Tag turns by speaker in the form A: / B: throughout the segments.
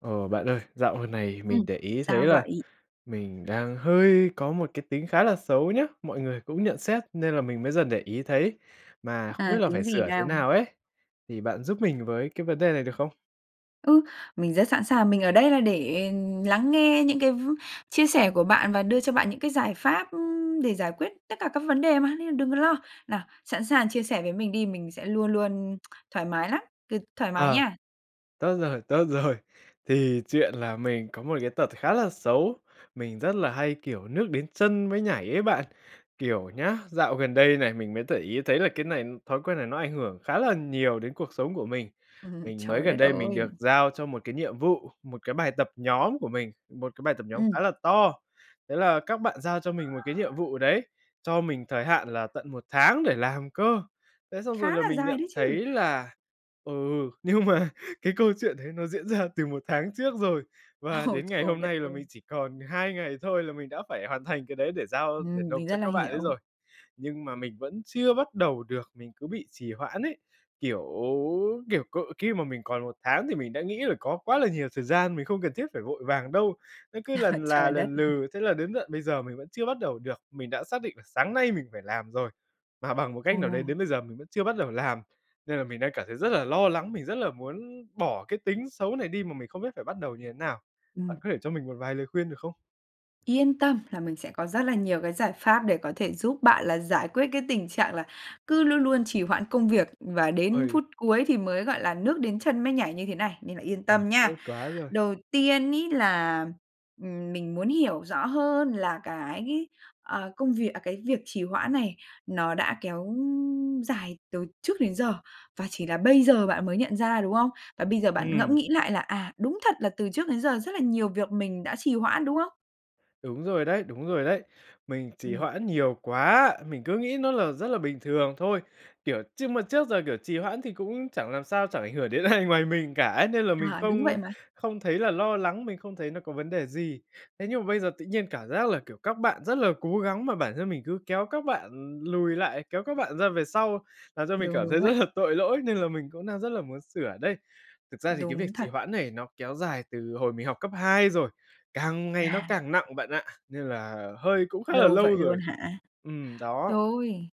A: Ờ, bạn ơi dạo gần này
B: Ừm,
A: mình để ý thấy
B: sao
A: là
B: vậy?
A: mình đang hơi có một cái tính khá là xấu nhá, mọi người cũng nhận xét nên là mình mới dần để ý thấy, mà không
B: À,
A: biết là
B: tính
A: phải
B: gì
A: sửa thế
B: nào?
A: nào ấy, thì bạn giúp mình với cái vấn đề này được không?
B: Ừ, mình rất sẵn sàng, mình ở đây là để lắng nghe những cái v chia sẻ của bạn và đưa cho bạn những cái giải pháp, ưm, để giải quyết tất cả các vấn đề mà, nên là đừng có lo. Nào, sẵn sàng chia sẻ với mình đi, mình sẽ luôn luôn thoải mái lắm, cứ thoải mái
A: Ờ,
B: nha!
A: tốt rồi, tốt rồi. Thì chuyện là mình có một cái tật khá là xấu, mình rất là hay, kiểu, nước đến chân mới nhảy ấy bạn, kiểu nhá, dạo gần đây này mình mới để ý thấy là cái này thói quen này nó ảnh hưởng khá là nhiều đến cuộc sống của mình. Mình mới
B: Trời
A: gần
B: đất
A: đây mình
B: ơi!
A: được giao cho một cái nhiệm vụ, một cái bài tập nhóm của mình, một cái bài tập nhóm khá
B: Ừm.
A: là to, thế là các bạn giao cho mình một cái nhiệm vụ đấy, cho mình thời hạn là tận 1 tháng để làm cơ. Thế xong
B: Khá
A: rồi là
B: là
A: mình
B: dài
A: nhận
B: đấy chứ!
A: thấy là, ừ, nhưng mà cái câu chuyện đấy nó diễn ra từ 1 tháng trước rồi và
B: Ồ,
A: đến ngày
B: trời
A: hôm
B: đất
A: nay là
B: ơi!
A: mình chỉ còn 2 ngày thôi là mình đã phải hoàn thành cái đấy để giao, để
B: Ừm,
A: nộp
B: mình rất
A: cho
B: là
A: các bạn ấy
B: hiểu.
A: rồi, nhưng mà mình vẫn chưa bắt đầu được, mình cứ bị trì hoãn ấy, kiểu, kiểu, cỡ khi mà mình còn 1 tháng thì mình đã nghĩ là có quá là nhiều thời gian, mình không cần thiết phải vội vàng đâu, nó cứ lần là
B: Trời đất!
A: lần lừ, thế là đến tận bây giờ mình vẫn chưa bắt đầu được. Mình đã xác định là sáng nay mình phải làm rồi, mà bằng một
B: Ồ!
A: cách nào đấy đến bây giờ mình vẫn chưa bắt đầu làm, nên là mình đang cảm thấy rất là lo lắng, mình rất là muốn bỏ cái tính xấu này đi mà mình không biết phải bắt đầu như thế nào,
B: Ừm.
A: bạn có thể cho mình một vài lời khuyên, được không?
B: Yên tâm là mình sẽ có rất là nhiều cái giải pháp để có thể giúp bạn là giải quyết cái tình trạng là cứ luôn luôn trì hoãn công việc và đến
A: Ôi.
B: phút cuối thì mới, gọi là, nước đến chân mới nhảy như thế này, nên là yên
A: À,
B: tâm
A: tốt
B: nha.
A: quá rồi.
B: Đầu tiên ấy là, ừm, mình muốn hiểu rõ hơn là cái, à, công việc à, cái việc trì hoãn này nó đã kéo dài từ trước đến giờ, và chỉ là bây giờ bạn mới nhận ra, đúng không? Và bây giờ bạn ngẫm
A: Ừm.
B: nghĩ lại là, "à, đúng thật là từ trước đến giờ rất là nhiều việc mình đã trì hoãn", đúng không?
A: Đúng rồi đấy, đúng rồi đấy. Mình trì
B: Ừm.
A: hoãn nhiều quá, mình cứ nghĩ nó là rất là bình thường thôi. Kiểu, trước mà trước giờ, kiểu, trì hoãn thì cũng chẳng làm sao, chẳng ảnh hưởng đến ai ngoài mình cả ấy, nên là mình
B: À, đúng
A: không
B: vậy mà.
A: không thấy là lo lắng, mình không thấy nó có vấn đề gì. Thế nhưng mà bây giờ tự nhiên cảm giác là, kiểu, các bạn rất là cố gắng mà bản thân mình cứ kéo các bạn lùi lại, kéo các bạn ra về sau, làm cho mình
B: Đúng,
A: cảm thấy
B: đúng vậy.
A: rất là tội lỗi nên là mình cũng đang rất là muốn sửa đây. Thực ra thì cái việc
B: Đúng
A: trì
B: thật.
A: hoãn này nó kéo dài từ hồi mình học cấp hai rồi, càng ngày nó
B: À.
A: càng nặng bạn ạ, nên là hơi cũng khá là
B: Lâu vậy
A: lâu rồi.
B: luôn hả?
A: Ừm, đó.
B: Rồi,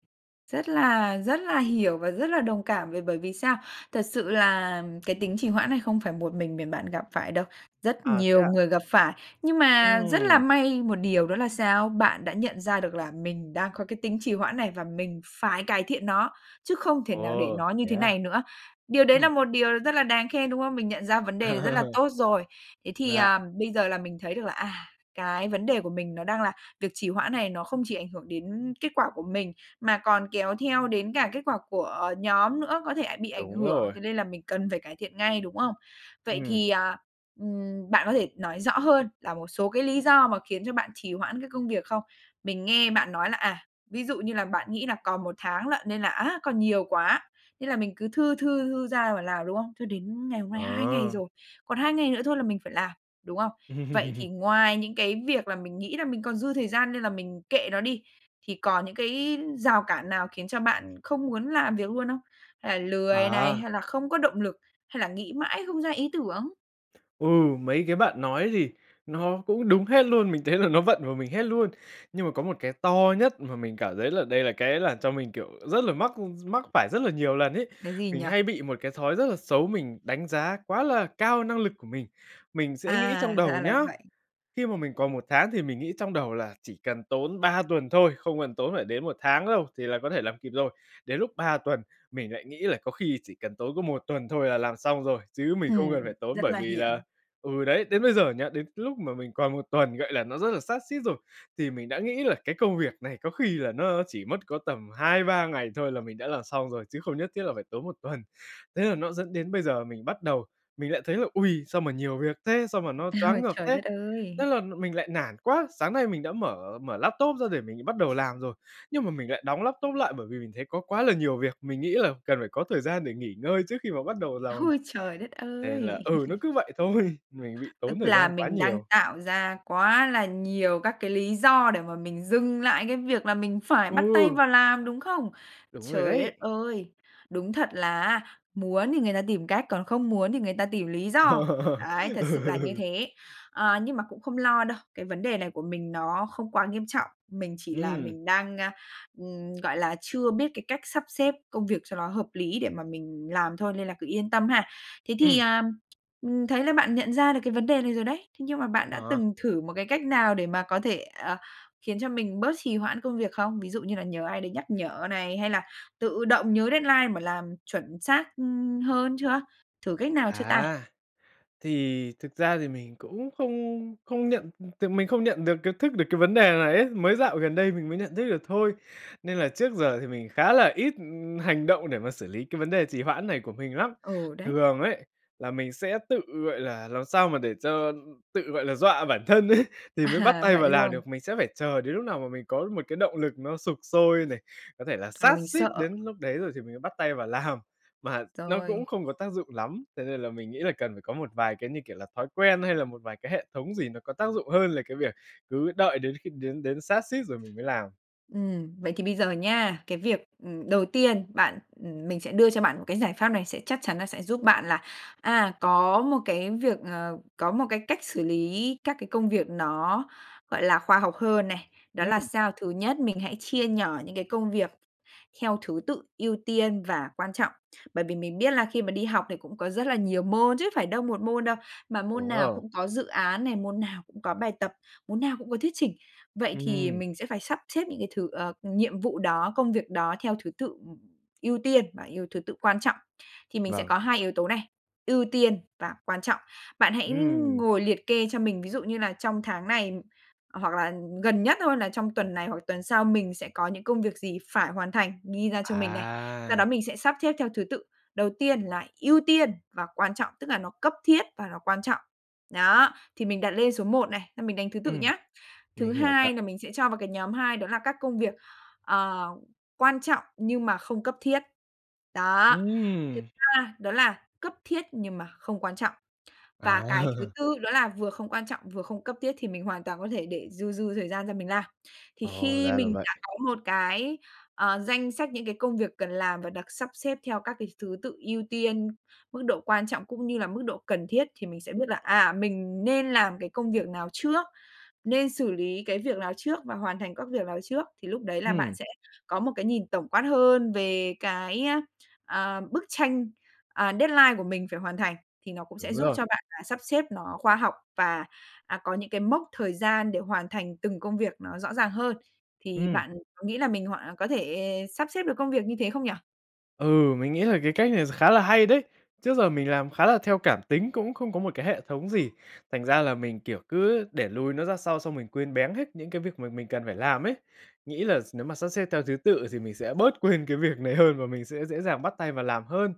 B: rất là rất là hiểu và rất là đồng cảm b bởi vì sao? Thật sự là cái tính trì hoãn này không phải một mình mình bạn gặp phải đâu, rất
A: À, thế
B: nhiều
A: ạ?
B: người gặp phải. Nhưng mà rất là
A: Ừm.
B: may một điều đó là sao? Bạn đã nhận ra được là mình đang có cái tính trì hoãn này và mình phải cải thiện nó, chứ không thể nào để
A: Ồ,
B: nó như
A: thế
B: thế
A: á?
B: này nữa. Điều đấy là
A: Ừm.
B: một điều rất là đáng khen, đúng không? Mình nhận ra vấn đề rất là tốt rồi. Thế thì,
A: Dạ.
B: à, bây giờ là mình thấy được là, à, cái vấn đề của mình nó đang là việc trì hoãn này nó không chỉ ảnh hưởng đến kết quả của mình, mà còn kéo theo đến cả kết quả của nhóm nữa, có thể ả bị ảnh
A: Đúng
B: hưởng.
A: rồi.
B: Thế nên là mình cần phải cải thiện ngay, đúng không? Vậy
A: Ừm.
B: thì, à, ừm, bạn có thể nói rõ hơn là một số cái lý do mà khiến cho bạn trì hoãn cái công việc không? Mình nghe bạn nói là, à, ví dụ như là bạn nghĩ là còn 1 tháng lận nên là á, còn nhiều quá, nên là mình cứ thư thư thư ra mà làm, đúng không? Cho đến ngày hôm nay 2 ngày
A: Ờ.
B: rồi. Còn 2 ngày nữa thôi là mình phải làm, đúng không? Vậy thì ngoài những cái việc là mình nghĩ là mình còn dư thời gian nên là mình kệ nó đi, thì còn những cái rào cản nào khiến cho bạn không muốn làm việc luôn không? Hay là lười này,
A: À.
B: hay là không có động lực, hay là nghĩ mãi không ra ý tưởng?
A: Ừ, mấy cái bạn nói thì nó cũng đúng hết luôn, mình thấy là nó vận vào mình hết luôn. Nhưng mà có một cái to nhất mà mình cảm thấy là đây là cái làm cho mình, kiểu, rất là mắc mắc phải rất là nhiều lần ấy,
B: Cái gì
A: mình
B: nhỉ?
A: hay bị một cái thói rất là xấu, mình đánh giá quá là cao năng lực của mình. Mình sẽ nghĩ trong
B: À!
A: đầu
B: Ra là
A: nhá,
B: vậy.
A: khi mà mình còn 1 tháng thì mình nghĩ trong đầu là chỉ cần tốn 3 tuần thôi, không cần tốn phải đến 1 tháng đâu thì là có thể làm kịp rồi. Đến lúc 3 tuần mình lại nghĩ là có khi chỉ cần tốn có 1 tuần thôi là làm xong rồi, chứ mình không cần
B: Ừm,
A: phải tốn
B: rất
A: bởi
B: là
A: vì
B: hiểu.
A: là ừ đấy, đến bây giờ nhá, đến cái lúc mà mình còn 1 tuần, gọi là, nó rất là sát sít rồi thì mình đã nghĩ là cái công việc này có khi là nó chỉ mất có tầm 2-3 ngày thôi là mình đã làm xong rồi, chứ không nhất thiết là phải tốn 1 tuần. Thế là nó dẫn đến bây giờ mình bắt đầu, mình lại thấy là: "Ôi, sao mà nhiều việc thế, sao mà nó choáng ngợp
B: Trời
A: thế!",
B: đất
A: thế
B: ơi!
A: là mình lại nản quá. Sáng nay mình đã mở mở laptop ra để mình bắt đầu làm rồi, nhưng mà mình lại đóng laptop lại bởi vì mình thấy có quá là nhiều việc, mình nghĩ là cần phải có thời gian để nghỉ ngơi trước khi mà bắt đầu làm.
B: Ôi, trời đất
A: Nên là
B: ơi!
A: ừ, nó cứ vậy thôi, mình bị tốn
B: Tức
A: thời
B: là
A: gian quá
B: mình đang
A: nhiều.
B: tạo ra quá là nhiều các cái lý do để mà mình dừng lại cái việc là mình phải bắt tay
A: Ừ.
B: vào làm, đúng không?
A: Đúng rồi
B: Trời
A: đấy.
B: đất ơi! Đúng thật là á muốn thì người ta tìm cách, còn không muốn thì người ta tìm lý do.
A: Ờ.
B: Đấy, thật sự là như
A: Ừ.
B: thế. Ờ, nhưng mà cũng không lo đâu, cái vấn đề này của mình nó không quá nghiêm trọng, mình chỉ là
A: Ừm.
B: mình đang, ơ, ừm, gọi là, chưa biết cái cách sắp xếp công việc cho nó hợp lý để mà mình làm thôi, nên là cứ yên tâm ha! Thế thì,
A: Ừm.
B: ờm, ừm, mình thấy là bạn nhận ra được cái vấn đề này rồi đấy, thế nhưng mà bạn đã
A: Ờ.
B: từng thử một cái cách nào để mà có thể, ờ, khiến cho mình bớt trì hoãn công việc không? Ví dụ như là nhờ ai đấy nhắc nhở này hay là tự động nhớ deadline mà làm chuẩn xác, ưm, hơn chưa? Thử cách nào chưa ta?
A: À, thì thực ra thì mình cũng không không nhận ừm, thì mình không nhận được cái thức được cái vấn đề này ấy, mới dạo gần đây mình mới nhận thức được thôi. Nên là trước giờ thì mình khá là ít, ừm, hành động để mà xử lý cái vấn đề trì hoãn này của mình lắm.
B: Ừ, đấy.
A: Thường ấy, là mình sẽ tự, gọi là, làm sao mà để cho tự, gọi là, dọa bản thân ấy, thì mới bắt
B: À,
A: tay
B: vậy
A: vào làm
B: luôn.
A: được, mình sẽ phải chờ đến lúc nào mà mình có một cái động lực nó sục sôi này, có thể là
B: Hoặc là
A: sát
B: mình
A: sít
B: sợ.
A: đến lúc đấy rồi thì mình mới bắt tay vào làm, mà nó cũng
B: Rồi.
A: không có tác dụng lắm. Thế nên là mình nghĩ là cần phải có một vài cái, như kiểu là, thói quen hay là một vài cái hệ thống gì nó có tác dụng hơn là cái việc cứ đợi đến khi đến đến sát sít rồi mình mới làm.
B: Ừm, vậy thì bây giờ nha, cái việc, ừm, đầu tiên bạn, ừm, mình sẽ đưa cho bạn một cái giải pháp này, sẽ chắc chắn là sẽ giúp bạn là, à, có một cái việc, ờ, có một cái cách xử lý các cái công việc nó, gọi là, khoa học hơn này. Đó là
A: Ừm.
B: sao, thứ nhất, mình hãy chia nhỏ những cái công việc theo thứ tự ưu tiên và quan trọng, bởi vì mình biết là khi mà đi học thì cũng có rất là nhiều môn chứ phải đâu 1 môn đâu, mà môn
A: Đúng
B: nào
A: rồi.
B: cũng có dự án này, môn nào cũng có bài tập, môn nào cũng có thuyết trình. Vậy thì
A: Ừm.
B: mình sẽ phải sắp xếp những cái thứ, ờ, nhiệm vụ đó, công việc đó theo thứ tự, ừm, ưu tiên và ưu thứ tự quan trọng. Thì mình sẽ
A: Vâng.
B: có 2 yếu tố này, ưu tiên và quan trọng. Bạn hãy
A: Ừm.
B: ngồi liệt kê cho mình, ví dụ như là trong tháng này, hoặc là gần nhất thôi là trong tuần này, hoặc tuần sau mình sẽ có những công việc gì phải hoàn thành, ghi ra cho mình này. Sau đó
A: À!
B: mình sẽ sắp xếp theo thứ tự, đầu tiên là ưu tiên và quan trọng, tức là nó cấp thiết và nó quan trọng, đó, thì mình đặt lên số một này, là mình đánh thứ tự
A: Ừm,
B: nhá.
A: mình
B: Thứ
A: hiểu rồi ạ!
B: hai là mình sẽ cho vào cái nhóm hai đó là các công việc, ờ, quan trọng nhưng mà không cấp thiết, đó! Thứ
A: Ừm!
B: ba đó là cấp thiết nhưng mà không quan trọng. Và cái thứ
A: À!
B: tư đó là vừa không quan trọng, vừa không cấp thiết, thì mình hoàn toàn có thể để dư dư thời gian ra mình làm. Thì
A: Ồ!
B: khi
A: Ra là
B: mình
A: vậy!
B: đã có một cái, ờ, danh sách những cái công việc cần làm và được sắp xếp theo các cái thứ tự ưu tiên, mức độ quan trọng cũng như là mức độ cần thiết, thì mình sẽ biết là, à, mình nên làm cái công việc nào trước, nên xử lý cái việc lào trước và hoàn thành các việc lào trước, thì lúc đấy là bạn
A: Ừm.
B: sẽ có một cái nhìn tổng quát hơn về cái, ờ, bức tranh, à, deadline của mình phải hoàn thành, thì nó cũng sẽ
A: Đúng
B: giúp
A: rồi.
B: cho bạn, à, sắp xếp nó khoa học và, à, có những cái mốc thời gian để hoàn thành từng công việc nó rõ ràng hơn. Thì
A: Ừm.
B: bạn có nghĩ là mình hoàn có thể sắp xếp được công việc như thế không nhỉ?
A: Ừ, mình nghĩ là cái cách này kh khá là hay đấy, trước giờ mình làm khá là theo cảm tính cũng không có một cái hệ thống gì, thành ra là mình, kiểu, cứ để lùi nó ra sau xong mình quên béng hết những cái việc mà mình cần phải làm ấy, nghĩ là s nếu mà sắp xếp theo thứ tự thì mình sẽ bớt quên cái việc này hơn và mình sẽ dễ dàng bắt tay vào làm hơn.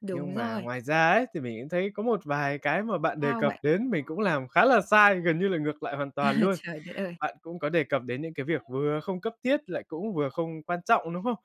B: Đúng
A: Nhưng mà
B: rồi.
A: ngoài ra ấy, thì mình cũng thấy có một vài cái mà bạn đề
B: Sao
A: cập
B: vậy?
A: đến mình cũng làm khá là sai, gần như là ngược lại hoàn
B: À,
A: toàn luôn.
B: trời đất ơi!
A: Bạn cũng có đề cập đến những cái việc vừa không cấp thiết lại cũng vừa không quan trọng, đúng không?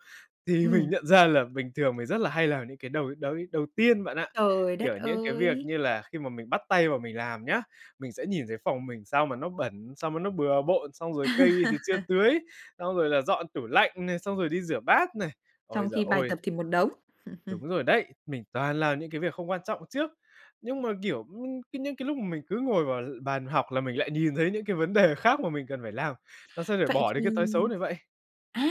A: Thì mình
B: Ừm.
A: nhận ra là bình thường mình rất là hay làm những cái đầu đầu đầu tiên bạn ạ,
B: Trời đất
A: kiểu, những cái việc
B: ơi!
A: như là khi mà mình bắt tay vào mình làm nhá, mình sẽ nhìn thấy phòng mình sao mà nó bẩn, sao mà nó bừa bộn, xong rồi cây thì chưa tưới, xong rồi là dọn tủ lạnh này, xong rồi đi rửa bát này. Ôi
B: Trong
A: giời
B: khi bài
A: ôi!
B: tập thì một đống.
A: Đúng rồi đấy, mình toàn làm những cái việc không quan trọng trước. Nhưng mà, kiểu, nh những cái lúc mà mình cứ ngồi vào l bàn học là mình lại nhìn thấy những cái vấn đề khác mà mình cần phải làm, làm sao
B: Vậy
A: bỏ được cái
B: thì
A: thói xấu này vậy?
B: à!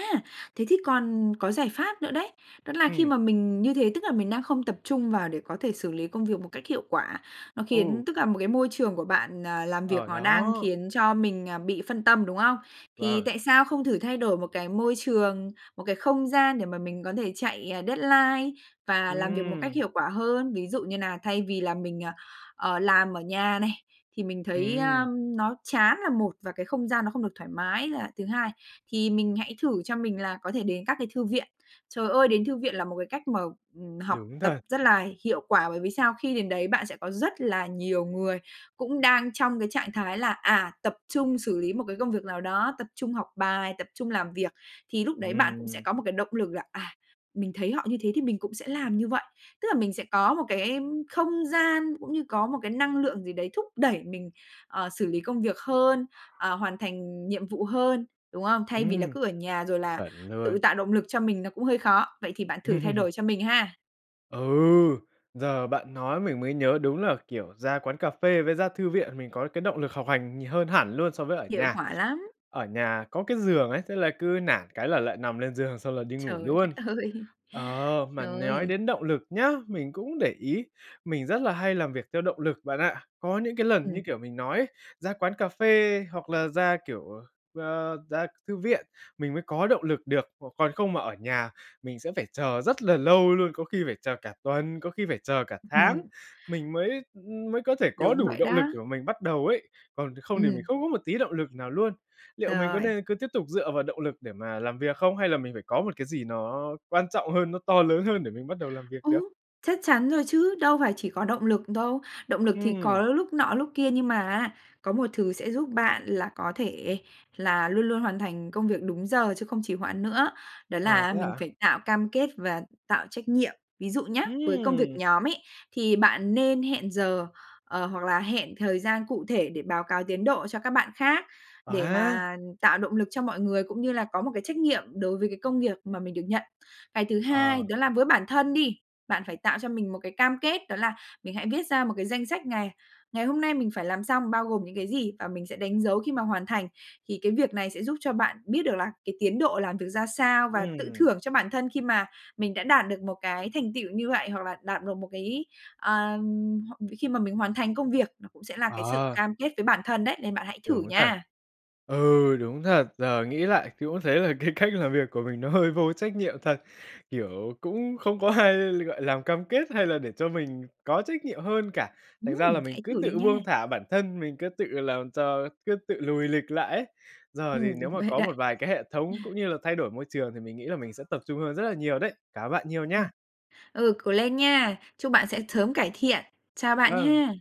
B: Thế thì còn có giải pháp nữa đấy đó là khi
A: Ừm.
B: mà mình như thế, tức là mình đang không tập trung vào để có thể xử lý công việc một cách hiệu quả, nó
A: Ừ.
B: khiến tức là một cái môi trường của bạn, à, làm việc
A: Ờ,
B: nó đang
A: đó.
B: khiến cho mình, à, bị phân tâm, đúng không? Thì
A: Vâng.
B: tại sao không thử thay đổi một cái môi trường, một cái không gian để mà mình có thể chạy, à, deadline và làm việc một cách
A: Ừm.
B: hiệu quả hơn ví dụ như nà thay vì là mình, à, ờ, làm ở nhà này, thì mình thấy, a,
A: Ừm.
B: ưm, nó chán là một và cái không gian nó không được thoải mái là thứ hai, thì mình hãy thử cho mình là có thể đến các cái thư viện. Trời ơi, đến thư viện là một cái cách mà, ừm, học
A: Đúng
B: tập
A: thật.
B: rất là hiệu quả bởi vì sao? Khi đến đấy bạn sẽ có rất là nhiều người cũng đang trong cái trạng thái là, à, tập trung xử lý một cái công việc nào đó, tập trung học bài, tập trung làm việc, thì lúc đấy bạn cũng sẽ
A: Ừm.
B: có một cái động lực là, à, mình thấy họ như thế thì mình cũng sẽ làm như vậy, tức là mình sẽ có một cái, ưm, không gian cũng như có một cái năng lượng gì đấy thúc đẩy mình, ờ, xử lý công việc hơn, ờ, hoàn thành nhiệm vụ hơn, đúng không? Thay vì là
A: Ừm.
B: cứ ở nhà rồi là
A: Chuẩn luôn.
B: tự tạo động lực cho mình nó cũng hơi khó, vậy thì bạn thử thay đổi cho mình ha!
A: Ừ, giờ bạn nói mình mới nhớ đúng là, kiểu, ra quán cà phê với ra thư viện mình có cái động lực học hành nhiều hơn hẳn luôn so với ở
B: Hiệu
A: nhà.
B: quả lắm!
A: Ở nhà có cái giường ấy, thế là cứ nản cái là lại nằm lên giường, xong là đi ngủ
B: Trời đất
A: luôn.
B: ơi,
A: Ờ, mà nói
B: rồi.
A: đến động lực nhá, mình cũng để ý mình rất là hay làm việc theo động lực bạn ạ. Có những cái lần như,
B: Ừm.
A: kiểu, mình nói ấy ra quán cà phê hoặc là ra, kiểu, ờ, a, ra thư viện, mình mới có động lực được, c còn không mà ở nhà mình sẽ phải chờ rất là lâu luôn, có khi phải chờ cả tuần, có khi phải chờ cả
B: Ư,
A: tháng,
B: ừm.
A: mình mới, ư, mới có thể có
B: Đúng
A: đủ
B: vậy
A: động lực
B: đó.
A: để mà mình bắt đầu ấy. Còn không thì mình
B: Ừm.
A: không có một tí động lực nào luôn. Liệu mình có
B: Rồi.
A: nên cứ tiếp tục dựa vào động lực để mà làm việc không hay là mình phải có một cái gì nó quan trọng hơn, nó to lớn hơn để mình bắt đầu làm việc được?
B: Ừm, chắc chắn rồi chứ, đâu phải chỉ có động lực đâu. Động lực thì có
A: Ừm.
B: lúc nọ lúc kia nhưng mà á, có một thứ sẽ giúp bạn là có thể là luôn luôn hoàn thành công việc đúng giờ chứ không trì hoạn nữa, đó
A: À,
B: là
A: thế
B: mình
A: hả?
B: phải tạo cam kết và tạo trách nhiệm. Ví dụ nhá, với công việc
A: Ừm!
B: nhóm ấy, thì bạn nên hẹn giờ, ờ, hoặc là hẹn thời gian cụ thể để báo cáo tiến độ cho các bạn khác,
A: Ờ
B: để
A: ha!
B: mà tạo động lực cho mọi người cũng như là có một cái trách nhiệm đối với cái công việc mà mình được nhận. Cái thứ hai,
A: Ờ.
B: đó là với bản thân đi, bạn phải tạo cho mình một cái cam kết, đó là mình hãy viết ra một cái danh sách ngày. Ngày hôm nay mình phải làm xong bao gồm những cái gì và mình sẽ đánh dấu khi mà hoàn thành. Thì cái việc này sẽ giúp cho bạn biết được là cái tiến độ làm việc ra sao và tự
A: Ừm.
B: thưởng cho bản thân khi mà mình đã đạt được một cái thành tựu như vậy, hoặc là đạt được một cái, à, h khi mà mình hoàn thành công việc nó cũng sẽ là cái sự
A: Ờ.
B: cam kết với bản thân đấy, nên bạn hãy thử
A: Đúng thật.
B: nha!
A: Ừ, đúng thật, giờ nghĩ lại thì cũng thấy là cái cách làm việc của mình nó hơi vô trách nhiệm thật. Kiểu, cũng không có ai gọi làm cam kết hay là để cho mình có trách nhiệm hơn cả. Thành
B: Ừm,
A: ra là mình
B: hãy
A: cứ
B: thử đi
A: tự buông
B: nha!
A: thả bản thân, mình cứ tự làm cho cứ tự lùi lịch lại ấy. Giờ thì
B: Ừm,
A: nếu
B: đúng
A: mà
B: vậy
A: có
B: đấy.
A: một vài cái hệ thống cũng như là thay đổi môi trường thì mình nghĩ là mình sẽ tập trung hơn rất là nhiều đấy, cảm ơn bạn nhiều
B: Ừm,
A: nha.
B: ừ, cố lên nha! Chúc bạn sẽ sớm cải thiện. Chào bạn
A: Vâng.
B: ha!